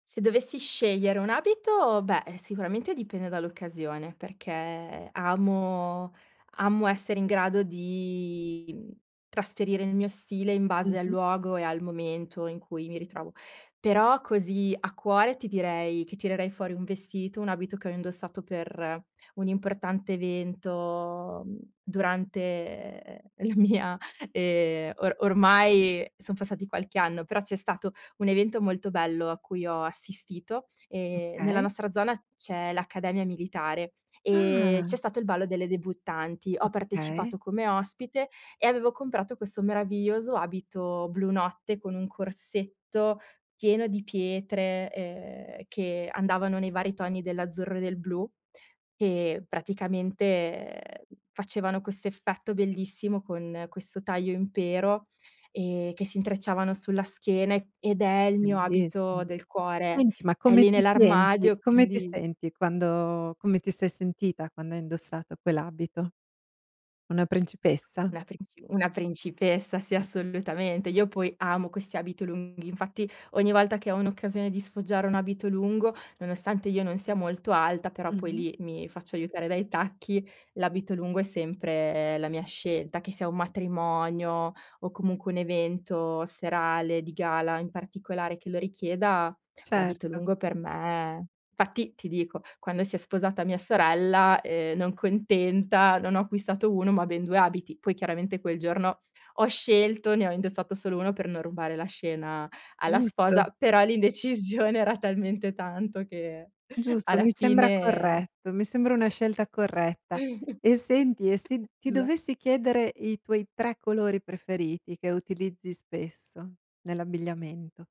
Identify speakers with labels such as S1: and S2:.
S1: Se dovessi scegliere un abito, beh, eh, sicuramente dipende dall'occasione, perché amo amo essere in grado di, mhmm, trasferire il mio stile in base al
S2: Mh-mh.
S1: luogo e al momento in cui mi ritrovo. Però, così a cuore, ti direi che tirerei fuori un vestito un abito che ho indossato per un importante evento, mhmm, durante, ehm, la mia, ehm o ormai son passati qualche anno, però c'è stato un evento molto bello a cui ho assistito. Ehm, nella
S2: Okay.
S1: nostra zona c'è l'Accademia Militare, ehm, c'è
S2: Ah!
S1: stato il ballo delle debuttanti. Ho
S2: Okay.
S1: partecipato come ospite e avevo comprato questo meraviglioso abito blu notte, con un corsetto pieno di pietre, ehm, che andavano nei vari toni dell'azzurro e del blu e, praticamente, facevano questo effetto bellissimo con questo taglio impero, ehm, che si intrecciavano sulla schiena e ed è il mio
S2: Bellissim
S1: abito del cuore.
S2: senti, ma
S1: È
S2: come
S1: lì
S2: ti senti
S1: nell'armadio
S2: come ti
S1: quindi
S2: senti quando come ti sei sentita quando hai indossato quell'abito? Una principessa?
S1: Una princi una principessa, sì,
S2: Ah-ah.
S1: assolutamente. Io poi amo questi abito lunghi; infatti ogni volta che ho un'occasione di sfoggiare un abito lungo, nonostante io non sia molto alta, però poi
S2: Mh-mh.
S1: lì mi faccio aiutare dai tacchi l'abito lungo è sempre la mia scelta, che sia un matrimonio o comunque un evento serale di gala in particolare che lo richieda, l'abito
S2: Certo.
S1: lungo per me fatti ti dico, quando si è sposata mia sorella, ehm, non contenta, non ho acquistato 1, ma ben 2 abiti. Poi chiaramente quel giorno ho scelto ne ho indossato solo 1 per non rubare la scena alla
S2: Giusto.
S1: sposa, però l'indecisione era talmente tanto che
S2: Giusto,
S1: alla
S2: mi sembra
S1: fine
S2: corretto. Mi sembra una scelta corretta. E senti, e se ti
S1: Esa
S2: dovessi chiedere i tuoi 3 colori preferiti che utilizzi spesso nell'abbigliamento?